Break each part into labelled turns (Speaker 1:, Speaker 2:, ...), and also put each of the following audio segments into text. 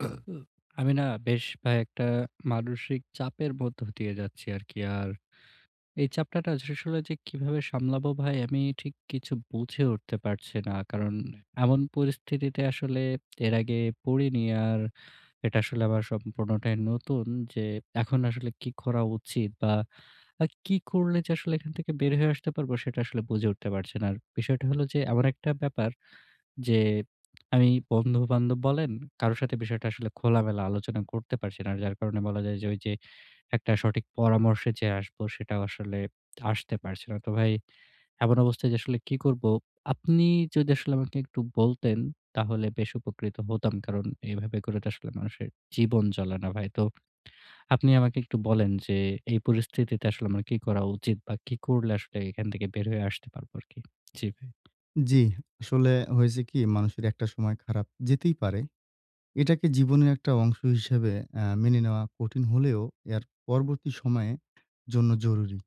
Speaker 1: আমি না বেশ কয়েকটা মানসিক চাপের মধ্যে দিয়ে যাচ্ছি আর কি। আর এই চাপটা আসলে কিভাবে সামলাবো ভাই, আমি ঠিক কিছু বুঝে উঠতে পারছি না। কারণ এমন পরিস্থিতিতে আসলে এর আগে পড়িনি, আর এটা আসলে আমার সম্পূর্ণটাই নতুন, যে এখন আসলে কি করা উচিত? বা আর কি করলে যে আসলে এখান থেকে বের হয়ে আসতে পারবো? সেটা আসলে বুঝে উঠতে পারছি না। আর বিষয়টা হলো যে এমন একটা ব্যাপার, যে আমি বন্ধুবান্ধব বলেন কারো সাথে বিষয়টা আসলে খোলামেলা আলোচনা করতে পারছি না। যার কারণে বলা যায় যে, ঐ যে একটা সঠিক পরামর্শে যে আসব, সেটাও আসলে আসতে পারছে না। তো ভাই, এমন অবস্থায় যে আসলে কী করব? আপনি যদি আমাকে একটু বলতেন, তাহলে বেশ উপকৃত হতাম। কারণ এভাবে করে তো আসলে মানুষের জীবন চলে না ভাই। তো আপনি আমাকে একটু বলেন যে, এই পরিস্থিতিতে আসলে আমার কি করা উচিত? বা কি করলে আসলে এখান থেকে বের হয়ে আসতে পারবো আরকি? জি ভাই।
Speaker 2: জি। আসলে হয়েছে কি, মানুষের একটা সময় খারাপ যেতেই পারে। এটাকে জীবনের একটা অংশ হিসেবে আ মেনে নেওয়া কঠিন হলেও, এর পরবর্তী সময়ের জন্য জরুরি।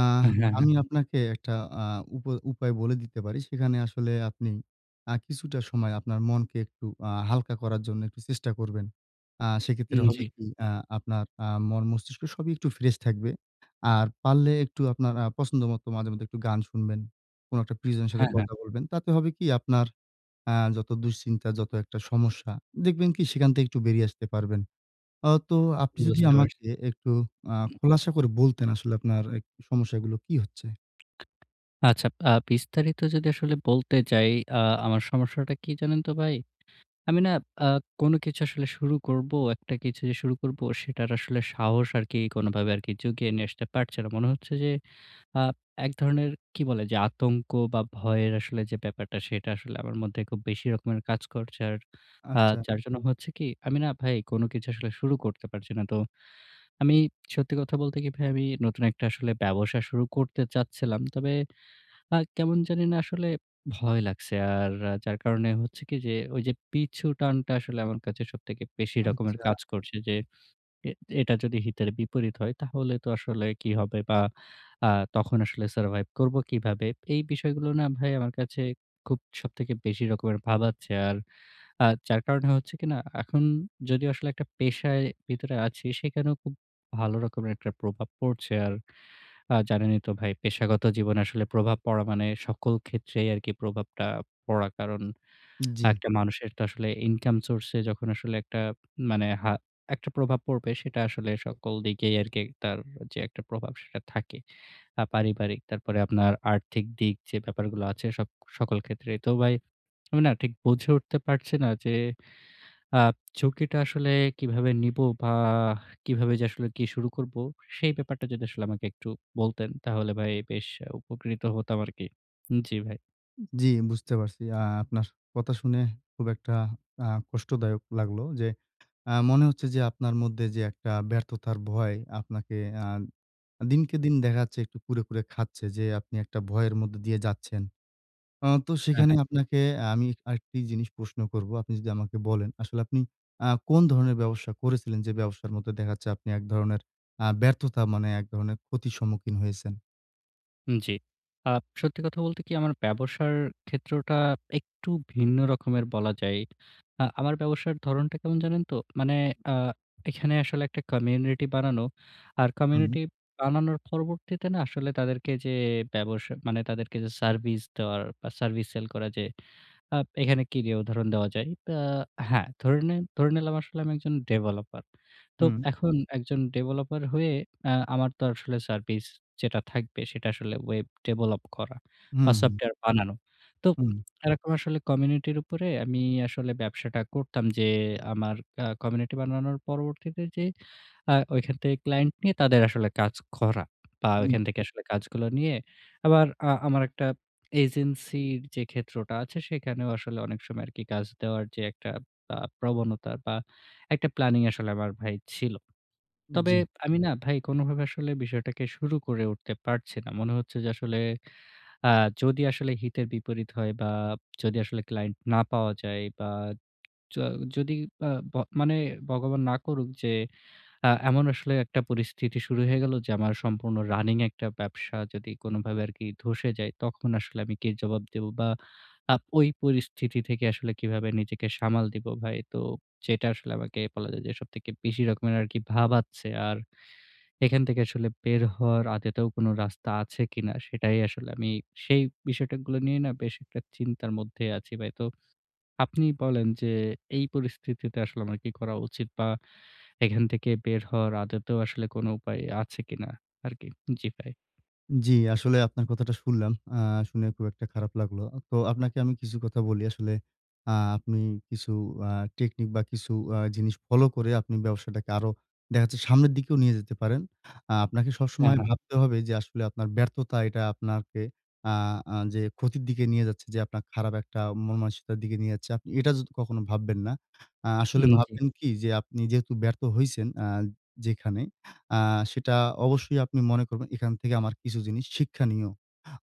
Speaker 2: আহ
Speaker 1: এ হ্যাঁ, হ্যাঁ।
Speaker 2: আমি আপনাকে একটা আ উপায় উপায় বলে দিতে পারি। সেখানে আসলে আপনি আ কিছুটা সময় আপনার মনকে একটু আ হালকা করার জন্য একটু চেষ্টা করবেন। আ সেক্ষেত্রে
Speaker 1: উম,
Speaker 2: হবে
Speaker 1: জি।
Speaker 2: কি, আ আপনার আ মন-মস্তিষ্ক সবই একটু ফ্রেশ থাকবে। আর পারলে একটু আপনার আ পছন্দ মতো মাঝে মধ্যে একটু গান শুনবেন। কোনো একটা প্রিয়জন এর সাথে
Speaker 1: হ্যাঁ, হ্যাঁ।
Speaker 2: কথা বলবেন। তাতে হবে কি? আপনার আ যত দুশ্চিন্তা, যত একটা সমস্যা, দেখবেন কি সেখান থেকে একটু বেরিয়ে আসতে পারবেন। আ তো আপনি যদি
Speaker 1: বুঝতে পারছি।
Speaker 2: আমাকে একটু আ খোলাসা করে বলতেন, আসলে আপনার একটু সমস্যাগুলো কি হচ্ছে?
Speaker 1: আচ্ছা আ বিস্তারিত যদি আসলে বলতে যাই, আ আমার সমস্যাটা কি জানেন তো ভাই? আমি না আ কোন কিছু আসলে শুরু করবো, একটা কিছু যে শুরু করবো, সেটার আসলে সাহস আরকি কোনভাবে আর কি জুগিয়ে নিয়ে আসতে পারছে না। মনে হচ্ছে যে আ এক ধরনের কি বলে, যে আতঙ্ক বা ভয়ের আসলে যে ব্যাপারটা, সেটা আসলে আমার মধ্যে খুব বেশি রকমের কাজ করছে আর আ
Speaker 2: আচ্ছা।
Speaker 1: যার জন্য হচ্ছে কি? আমি না ভাই কোন কিছু আসলে শুরু করতে পারছি না। তো আমি সত্যি কথা বলতে কি ভাই, আমি নতুন একটা আসলে ব্যবসা শুরু করতে চাচ্ছিলাম। তবে আ কেমন জানি না আসলে ভয় লাগছে। আর যার কারণে হচ্ছে কি যে ওই যে পিছু টানটা আসলে আমার কাছে সবথেকে বেশি রকমের
Speaker 2: আচ্ছা।
Speaker 1: কাজ করছে, যে এ এটা যদি হিতের বিপরীত হয়, তাহলে তো আসলে কি হবে? বা আ তখন আসলে survive করব কীভাবে? এই বিষয়গুলো না ভাই, আমার কাছে খুব সবথেকে বেশি রকমের ভাবাচ্ছে। আর আ যার কারণে হচ্ছে কিনা, এখন যদি আসলে একটা পেশায় ভিতরে আছি, সেখানেও খুব ভালো রকমের একটা প্রভাব পড়ছে। আর আ জানেনই তো ভাই, পেশাগত জীবনে আসলে প্রভাব পড়া মানে সকল ক্ষেত্রেই আর কি প্রভাবটা পড়া, কারণ ১
Speaker 2: জি।
Speaker 1: টা মানুষের তো আসলে income source এ যখন আসলে একটা মানে হা একটা প্রভাব পড়বে, সেটা আসলে সকল দিকেই আর কি একটা যে একটা প্রভাব সেটা থাকে, আর পারিবারিক, তারপরে আপনার আর্থিক দিক, যে ব্যাপারগুলো আছে। সক সকল ক্ষেত্রেই তো ভাই, আমি না ঠিক বুঝে উঠতে পারছি না, যে আ ঝুঁকিটা আসলে কীভাবে নিবো? বা কিভাবে যে আসলে কি শুরু করব? সেই ব্যাপারটা যদি আমাকে একটু বলতেন, তাহলে ভাই বেশ উপকৃত হতাম আরকি, জি ভাই।
Speaker 2: জি, বুঝতে পারছি। আ আপনার কথা শুনে খুব একটা আ কষ্টদায়ক লাগলো। যে আ মনে হচ্ছে যে আপনার মধ্যে যে একটা ব্যর্থতার ভয়, আপনাকে আ দিনকে দিন দেখা যাচ্ছে একটু কুরে, কুরে খাচ্ছে যে আপনি একটা ভয়ের মধ্যে দিয়ে যাচ্ছেন। অ তো
Speaker 1: হ্যাঁ,
Speaker 2: সেখানে
Speaker 1: হ্যাঁ।
Speaker 2: আপনাকে আ আমি আরেকটি জিনিস প্রশ্ন করব। আপনি যদি আমাকে বলেন, আসলে আপনি আ কোন ধরনের ব্যবসা করেছিলেন? যে ব্যবসার মধ্যে দেখা যাচ্ছে আপনি এক ধরনের আ ব্যর্থতা মানে এক ধরনের ক্ষতির সম্মুখীন হয়েছেন?
Speaker 1: হুম, জি। আ সত্যি কথা বলতে কী? আমার ব্যবসার ক্ষেত্রটা একটু ভিন্ন রকমের বলা যায়। আ আমার ব্যবসার ধরনটা কেমন জানেন তো? মানে আ এখানে আসলে একটা কমিউনিটি বানানো। আর
Speaker 2: হুম।
Speaker 1: কমিউনিটি বানানোর পরবর্তীতে না আসলে তাদেরকে যে ব্যবস মানে তাদেরকে যে সার্ভিস দেওয়ার বা সার্ভিস সেল করা। যে আ এখানে কী দিয়ে উদাহরণ দেওয়া যায়? অ্যা হ্যাঁ, ধরে নিন ধরে নিলাম আসলে আমি একজন ডেভেলপার। তো
Speaker 2: হুম।
Speaker 1: এখন একজন ডেভেলপার হয়ে আ আমার তো আসলে সার্ভিস যেটা থাকবে সেটা আসলে ওয়েব ডেভেলপ করা বা
Speaker 2: হুম, হুম।
Speaker 1: সফটওয়্যার বানানো। তো
Speaker 2: হুম।
Speaker 1: এরকম আসলে কমিউনিটির উপরে আমি আসলে ব্যবসাটা করতাম। যে আমার আ কমিউনিটি বানানোর পরবর্তীতে যে আ ঐখান থেকে ক্লায়েন্ট নিয়ে তাদের আসলে কাজ করা। বা
Speaker 2: হুম।
Speaker 1: ওইখান থেকে আসলে কাজগুলো নিয়ে আবার আ আমার একটা এজেন্সির যে ক্ষেত্রটা আছে সেখানেও আসলে অনেক সময় আরকি কাজ দেওয়ার যে একটা আ প্রবণতা বা একটা প্ল্যানিং আসলে আমার ভাই ছিল।
Speaker 2: উম
Speaker 1: তবে
Speaker 2: জি।
Speaker 1: আমি না ভাই কোনভাবে আসলে বিষয়টাকে শুরু করে উঠতে পারছি না। মনে হচ্ছে যে আসলে আ যদি আসলে হিতে বিপরীত হয় বা যদি আসলে ক্লায়েন্ট না পাওয়া যায় বা য যদি আ ব মানে, ভগবান না করুক যে আ এমন আসলে একটা পরিস্থিতি শুরু হয়ে গেল যে আমার সম্পূর্ণ রানিং একটা ব্যবসা যদি কোনভাবে আরকি ধসে যায়, তখন আসলে আমি কী জবাব দেব? বা আ ওই পরিস্থিতি থেকে আসলে কীভাবে নিজেকে সামাল দিব ভাই? তো যেটা আসলে আমাকে বলা যায় যে সবথেকে বেশি রকমের আরকি ভাবাচ্ছে। আর এখান থেকে আসলে বের হওয়ার আদতেও কোন রাস্তা আছে কী না? সেটাই আসলে আমি সেই বিষয়গুলো নিয়ে না বেশ একটা চিন্তার মধ্যে আছি ভাই। তো আপনি বলেন যে এই পরিস্থিতিতে আসলে আমার কী করা উচিত? বা এখান থেকে বের হওয়ার আদতেও আসলে কোন উপায় আছে কী না আরকি? জি ভাই।
Speaker 2: জ্বি, আসলে আপনার কথাটা শুনলাম। আ শুনে খুব একটা খারাপ লাগলো। তো আপনাকে আমি কিছু কথা বলি, আসলে আ আপনি কিছু আ টেকনিক বা কিছু আ জিনিস ফলো করে আপনি ব্যবসাটাকে আরো দেখা যাচ্ছে সামনের দিকেও নিয়ে যেতে পারেন। আ আপনাকে
Speaker 1: হ্যাঁ,
Speaker 2: সবসময়
Speaker 1: হ্যাঁ।
Speaker 2: ভাবতে হবে যে আসলে আপনার ব্যর্থতা এটা আপনাকে আ আ যে ক্ষতির দিকে নিয়ে যাচ্ছে যে আপনার খারাপ একটা মনমানসিকতার দিকে নিয়ে যাচ্ছে। আপনি এটা যত কখনো ভাববেন না। আ আসলে
Speaker 1: হুম জী।
Speaker 2: ভাববেন কি যে আপনি যেহেতু ব্যর্থ হইছেন, আ যেখানে আ সেটা অবশ্যই আপনি মনে করবেন। এখান থেকে আমার কিছু জিনিস শিক্ষনীয়।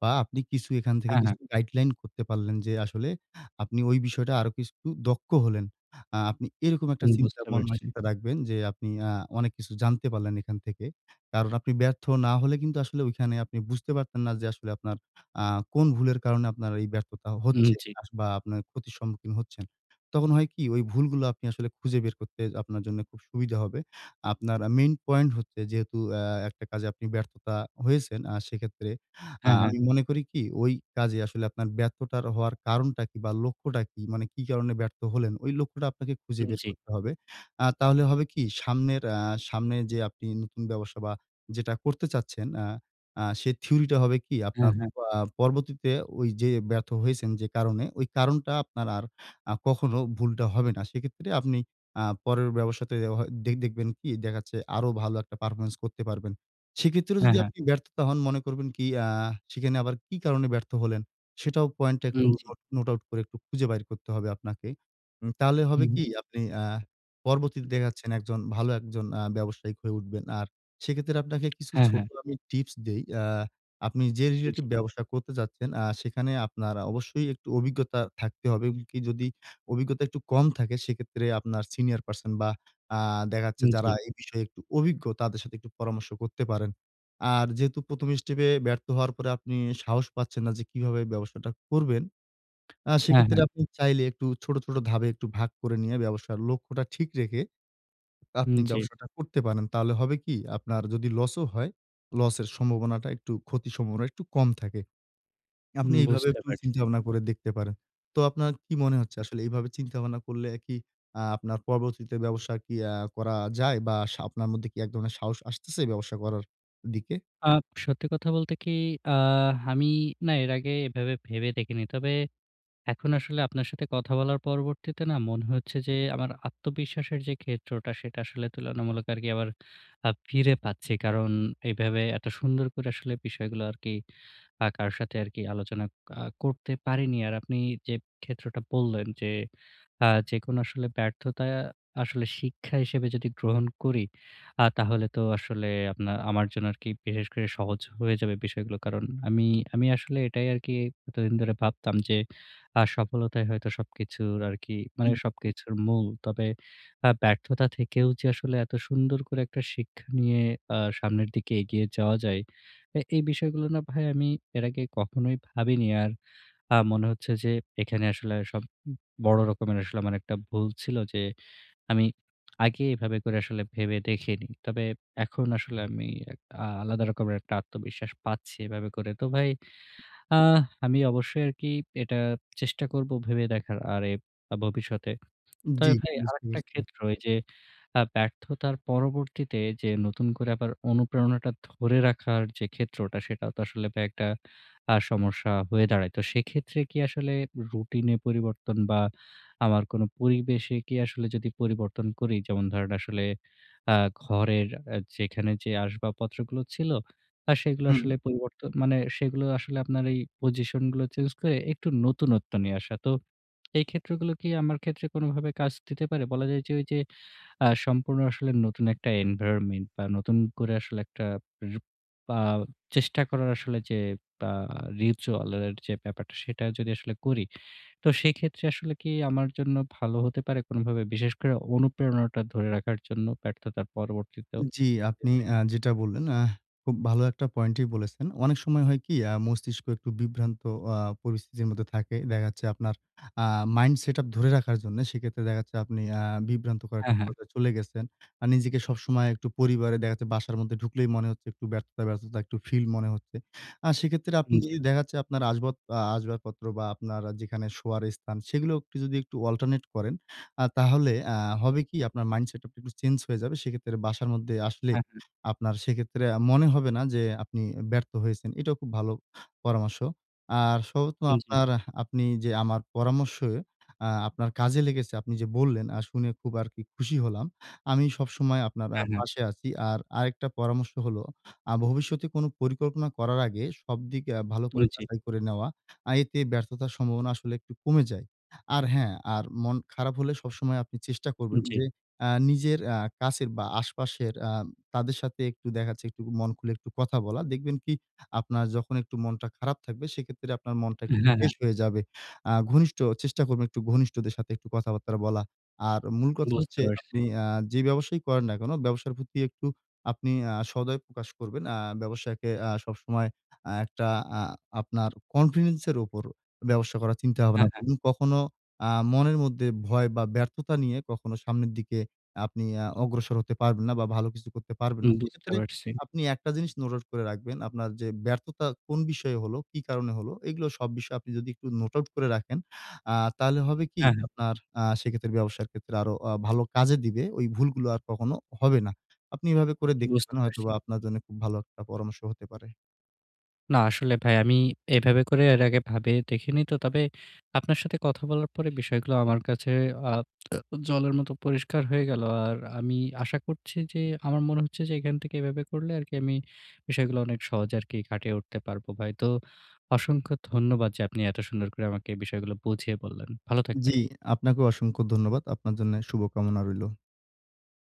Speaker 2: বা আপনি কিছু এখান থেকে
Speaker 1: হ্যাঁ, হ্যাঁ।
Speaker 2: কিছু গাইডলাইন করতে পারলেন যে আসলে আপনি ওই বিষয়টা আরো কিছু দক্ষ হলেন। আ আপনি এরকম একটা
Speaker 1: হুম
Speaker 2: চিন্তা,
Speaker 1: বুঝতে
Speaker 2: মন
Speaker 1: পারছি।
Speaker 2: মানসিকতা রাখবেন যে আপনি আ অনেক কিছু জানতে পারলেন এখান থেকে। কারণ আপনি ব্যর্থ না হলে কিন্তু আসলে ওইখানে আপনি বুঝতে পারতেন না যে আসলে আপনার আ কোন ভুলের কারণে আপনার এই ব্যর্থতা
Speaker 1: উম
Speaker 2: হচ্ছে।
Speaker 1: জী।
Speaker 2: আস বা আপনার ক্ষতির সম্মুখীন হচ্ছেন। তখন হয় কি? ওই ভুলগুলো আপনি আসলে খুঁজে বের করতে আপনার জন্য খুব সুবিধা হবে। আপনার আ মেইন পয়েন্ট হচ্ছে যেহেতু অ্যা একটা কাজে আপনি ব্যর্থতা হয়েছেন, আ সেক্ষেত্রে আ
Speaker 1: হ্যাঁ, হ্যাঁ।
Speaker 2: আমি মনে করি কি? ওই কাজে আসলে আপনার ব্যর্থতার হওয়ার কারণটা কি বা লক্ষ্যটা কি? মানে কী কারণে ব্যর্থ হলেন? ওই লক্ষ্যটা আপনাকে খুঁজে
Speaker 1: হুম
Speaker 2: বের
Speaker 1: জী।
Speaker 2: করতে হবে। আ তাহলে হবে কি? সামনের অ্যা সামনে যে আপনি নতুন ব্যবসা বা যেটা করতে চাচ্ছেন আ আ সে থিওরিটা হবে কী?
Speaker 1: হ্যাঁ,
Speaker 2: আপনার
Speaker 1: হ্যাঁ।
Speaker 2: প আ পরবর্তীতে ওই যে ব্যর্থ হয়েছেন যে কারণে, ওই কারণটা আপনার আর আ কখনো ভুলটা হবে না। সেক্ষেত্রে আপনি আ পরের ব্যবসাতে অ হ দে দেখবেন কি? দেখা যাচ্ছে আরো ভালো একটা পারফরম্যান্স করতে পারবেন। সেক্ষেত্রেও
Speaker 1: হ্যাঁ,
Speaker 2: যদি
Speaker 1: হ্যাঁ।
Speaker 2: আপনি ব্যর্থতা হন মনে করবেন কি? আ সেখানে আবার কি কারণে ব্যর্থ হলেন সেটাও পয়েন্ট টা একটু
Speaker 1: হুম জী।
Speaker 2: নোট নোট আউট করে খুঁজে বাইর করতে হবে আপনাকে। উম তাহলে হবে
Speaker 1: হুম।
Speaker 2: কি? আপনি আ পর্বতীতে
Speaker 1: হু।
Speaker 2: দেখা যাচ্ছেন একজন ভালো একজন আ ব্যবসায়ি হয়ে উঠবেন। আর সেক্ষেত্রে আপনাকে কিছু
Speaker 1: হ্যাঁ,
Speaker 2: ছোট
Speaker 1: হ্যাঁ।
Speaker 2: আমি টিপস দেই। আ আপনি যে
Speaker 1: জি।
Speaker 2: রিলেটিভ ব্যবসা করতে চাচ্ছেন, আ সেখানে আপনার আ অবশ্যই একটু অভিজ্ঞতা থাকতে হবে। এবং কি যদি অভিজ্ঞতা একটু কম থাকে, সেক্ষেত্রে আপনার সিনিয়র পারসন বা আ দেখা যাচ্ছে
Speaker 1: উম
Speaker 2: যারা
Speaker 1: জী।
Speaker 2: এই বিষয়ে একটু অভিজ্ঞ তাদের সাথে একটু পরামর্শ করতে পারেন। আর যেহেতু ১ম স্টেপে ব্যর্থ হওয়ার পরে আপনি সাহস পাচ্ছেন না যে কীভাবে ব্যবসাটা করবেন? আ
Speaker 1: হ্যাঁ,
Speaker 2: সেক্ষেত্রে
Speaker 1: হ্যাঁ।
Speaker 2: আপনি চাইলে একটু ছোট, ছোট ধাপে একটু ভাগ করে নিয়ে ব্যবসার লক্ষ্যটা ঠিক রেখে
Speaker 1: উম
Speaker 2: আপনি
Speaker 1: জী।
Speaker 2: ব্যবসাটা করতে পারেন। তাহলে হবে কি? আপনার যদি লস ও হয়, লস এর সম্ভাবনাটা একটু ক্ষতির সম্ভাবনা একটু কম থাকে। আপনি
Speaker 1: হুম
Speaker 2: এভাবে
Speaker 1: বুঝতে
Speaker 2: একটু
Speaker 1: পারছি।
Speaker 2: চিন্তাভাবনা করে দেখতে পারেন। তো আপনার কি মনে
Speaker 1: হু।
Speaker 2: হচ্ছে আসলে এইভাবে চিন্তা ভাবনা করলে কি অ্যা আপনার পরবর্তীতে ব্যবসা আরকি আ করা যায়? বা সা আপনার মধ্যে এক ধরনের সাহস আসতেছে ব্যবসা করার দিকে?
Speaker 1: আ সত্যি কথা বলতে কি? আ আমি না এর আগে এভাবে ভেবে দেখিনি। তবে এখন আসলে আপনার সাথে কথা বলার পরবর্তীতে না মনে হচ্ছে যে আমার আত্মবিশ্বাসের যে ক্ষেত্রটা সেটা আসলে তুলনামূলক আরকি আবার আ ফিরে পাচ্ছি। কারণ এভাবে এত সুন্দর করে আসলে বিষয়গুলো আরকি আ কারো সাথে আরকি আলোচনা আ করতে পারিনি। আর আপনি যে ক্ষেত্রটা বললেন যে আ যেকোনো আসলে ব্যর্থতা আসলে শিক্ষা হিসেবে যদি গ্রহণ করি, আ তাহলে তো আসলে আপনার আমার জন্য আরকি বিশেষ করে সহজ হয়ে যাবে বিষয়গুলো। কারণ আমি আমি আসলে এটাই আরকি এতদিন ধরে ভাবতাম যে আ সফলতাই হয়তো সবকিছুর আরকি মানে
Speaker 2: হু।
Speaker 1: সবকিছুর মূল। তবে আ ব্যর্থতা থেকেও যে আসলে এত সুন্দর করে একটা শিক্ষা নিয়ে আ সামনের দিকে এগিয়ে যাওয়া যায়। এ এই বিষয়গুলো না ভাই আমি এর আগে কখনোই ভাবিনি। আর আ মনে হচ্ছে যে এখানে আসলে সব উম বড় রকমের আসলে আমার একটা ভুল ছিল যে আমি আগে এভাবে করে আসলে ভেবে দেখিনি। তবে এখন আসলে আমি এক আ আলাদা রকমের একটা আত্মবিশ্বাস পাচ্ছি এভাবে করে। তো ভাই আ আমি অবশ্যই আরকি এটা চেষ্টা করব ভেবে দেখার। আর এ আ ভবিষ্যতে।
Speaker 2: উম
Speaker 1: তবে
Speaker 2: জ্বী
Speaker 1: ভাই
Speaker 2: বুঝতে
Speaker 1: আরেকটা
Speaker 2: পারছি।
Speaker 1: ক্ষেত্র ওই যে আ ব্যর্থতার পরবর্তীতে যে নতুন করে আবার অনুপ্রেরণাটা ধরে রাখার যে ক্ষেত্রটা, সেটা তো আসলে ভাই একটা আ সমস্যা হয়ে দাঁড়ায়। তো সেক্ষেত্রে কি আসলে রুটিনে পরিবর্তন বা আমার কোন পরিবেশে কি আসলে যদি পরিবর্তন করি? যেমন ধরেন আসলে আ ঘরের অ্যা যেখানে যে আসবাবপত্রগুলো ছিল আ সেগুলো
Speaker 2: হু।
Speaker 1: আসলে পরিবর্তন মানে সেগুলো আসলে আপনার এই পজিশন গুলো চেঞ্জ করে একটু নতুনত্ব নিয়ে আসা। তো এই ক্ষেত্রগুলো কি আমার ক্ষেত্রে কোনভাবে কাজ দিতে পারে? বলা যায় ওই যে আ সম্পূর্ণ আসলে নতুন একটা এনভায়রনমেন্ট বা নতুন করে আসলে উপ বা চেষ্টা করার আসলে যে আ ritual এর আ যে ব্যাপারটা সেটা যদি আসলে করি। তো সেক্ষেত্রে আসলে কি আমার জন্য ভালো হতে পারে কোনভাবে? বিশেষ করে অনুপ্রেরণাটা ধরে রাখার জন্য ব্যর্থতার পরবর্তীতেও?
Speaker 2: জি,
Speaker 1: জি
Speaker 2: আপনি
Speaker 1: ভাই।
Speaker 2: আ যেটা বললেন আহ খুব ভালো একটা পয়েন্টই বলেছেন। অনেক সময় হয় কি? আ মস্তিষ্ক একটু বিভ্রান্ত আ পরিস্থিতির মধ্যে থাকে। দেখা যাচ্ছে আপনার আ মাইন্ড সেটআপ ধরে রাখার জন্য। সেক্ষেত্রে দেখাচ্ছে আপনি অ্যা বিভ্রান্তকর
Speaker 1: হ্যাঁ,
Speaker 2: একটা
Speaker 1: হ্যাঁ।
Speaker 2: পর্যায় চলে গেছেন। আর নিজেকে সবসময় একটু পরিবারে দেখা যাচ্ছে বাসার মধ্যে ঢুকলেই মনে হচ্ছে একটু ব্যর্থতা, ব্যর্থতা একটু ফিল মনে হচ্ছে। আ সেক্ষেত্রে আপনি
Speaker 1: হুম জী।
Speaker 2: যদি দেখা যাচ্ছে আপনার আসবাব আ আসবাবপত্র বা আপনার যেখানে শোয়ার স্থান, সেগুলোও একটু যদি একটু অল্টারনেট করেন। আ তাহলে অ্যা হবে কি? আপনার মাইন্ডসেটআপ টা একটু চেঞ্জ হয়ে যাবে। সেক্ষেত্রে বাসার মধ্যে আসলে
Speaker 1: হ্যাঁ, হ্যাঁ।
Speaker 2: আপনার সেক্ষেত্রে আ মনে হবে না যে আপনি ব্যর্থ হয়েছেন। এটাও খুব ভালো পরামর্শ। আর সর্বত্র
Speaker 1: উম জী।
Speaker 2: আপনার আপনি যে আমার পরামর্শে আ আপনার কাজে লেগেছে, আপনি যে বললেন আ শুনে খুব আরকি খুশি হলাম। আমি সবসময় আপনার আ
Speaker 1: হ্যাঁ, হ্যাঁ।
Speaker 2: পাশে আছি। আর আরেকটা পরামর্শ হল আ ভবিষ্যতে কোন পরিকল্পনা করার আগে সবদিক আ ভালো
Speaker 1: হুম
Speaker 2: করে
Speaker 1: জি।
Speaker 2: যাচাই করে নেওয়া। আ এতে ব্যর্থতার সম্ভাবনা আসলে একটু কমে যায়। আর হ্যাঁ, আর মন খারাপ হলে সবসময় আপনি চেষ্টা করবেন
Speaker 1: জ্বী।
Speaker 2: যে অ্যা নিজের অ্যা কাছের বা আশপাশের আ তাদের সাথে একটু দেখা যাচ্ছে একটু মন খুলে একটু কথা বলা। দেখবেন কি আপনার যখন একটু মনটা খারাপ থাকবে সেক্ষেত্রে আপনার মনটা
Speaker 1: অ্যা
Speaker 2: একটু
Speaker 1: হ্যাঁ, হ্যাঁ।
Speaker 2: ফ্রেশ হয়ে যাবে। আ ঘনিষ্ঠ চেষ্টা করবেন একটু ঘনিষ্ঠদের সাথে একটু কথাবার্তা বলা। আর মূল কথা
Speaker 1: বুঝতে
Speaker 2: হচ্ছে
Speaker 1: পারছি।
Speaker 2: আপনি অ্যা যে ব্যবসায়ই করেন না কেন, ব্যবসার প্রতি একটু আপনি আ সদায় প্রকাশ করবেন। আ ব্যবসাকে অ্যা সবসময় আ একটা আ আপনার কনফিডেন্স এর উপর ব্যবসা করার চিন্তা
Speaker 1: হ্যাঁ,
Speaker 2: ভাবনা
Speaker 1: হ্যাঁ।
Speaker 2: করুন। কখনো আ মনের মধ্যে ভয় বা ব্যর্থতা নিয়ে কখনো সামনের দিকে আপনি অ্যা অগ্রসর হতে পারবেন না বা ভালো কিছু করতে পারবেন
Speaker 1: হুম
Speaker 2: না।
Speaker 1: বুঝতে
Speaker 2: সেক্ষেত্রে
Speaker 1: পারছি।
Speaker 2: আপনি একটা জিনিস নোট আউট করে রাখবেন। আপনার যে ব্যর্থতা কোন বিষয়ে হলো, কি কারণে হলো, এগুলো সব বিষয়ে আপনি যদি একটু নোট আউট করে রাখেন আ তাহলে হবে কি
Speaker 1: হ্যাঁ, হ্যাঁ।
Speaker 2: আপনার আ সেক্ষেত্রে ব্যবসার ক্ষেত্রে আরো আ ভালো কাজে দিবে, ওই ভুলগুলো আর কখনো হবে না। আপনি এভাবে করে দেখতে
Speaker 1: বুঝতে
Speaker 2: পারেন
Speaker 1: পারছি।
Speaker 2: হয়তোবা আপনার জন্য খুব ভালো একটা পরামর্শ হতে পারে।
Speaker 1: না আসলে ভাই আমি এভাবে করে এর আগে ভাবে দেখিনি তো। তবে আপনার সাথে কথা বলার পরে বিষয়গুলো আমার কাছে আ জলের মতো পরিষ্কার হয়ে গেলো। আর আমি আশা করছি যে আমার মনে হচ্ছে যে এখান থেকে এভাবে করলে আরকি আমি বিষয়গুলো অনেক সহজে কাটিয়ে উঠতে পারবো ভাই। তো অসংখ্য ধন্যবাদ যে আপনি এত সুন্দর করে আমাকে এই বিষয়গুলো বুঝিয়ে বললেন। ভালো থাকবেন।
Speaker 2: জ্বি, আপনাকেও অসংখ্য ধন্যবাদ। আপনার জন্যে শুভকামনা রইলো।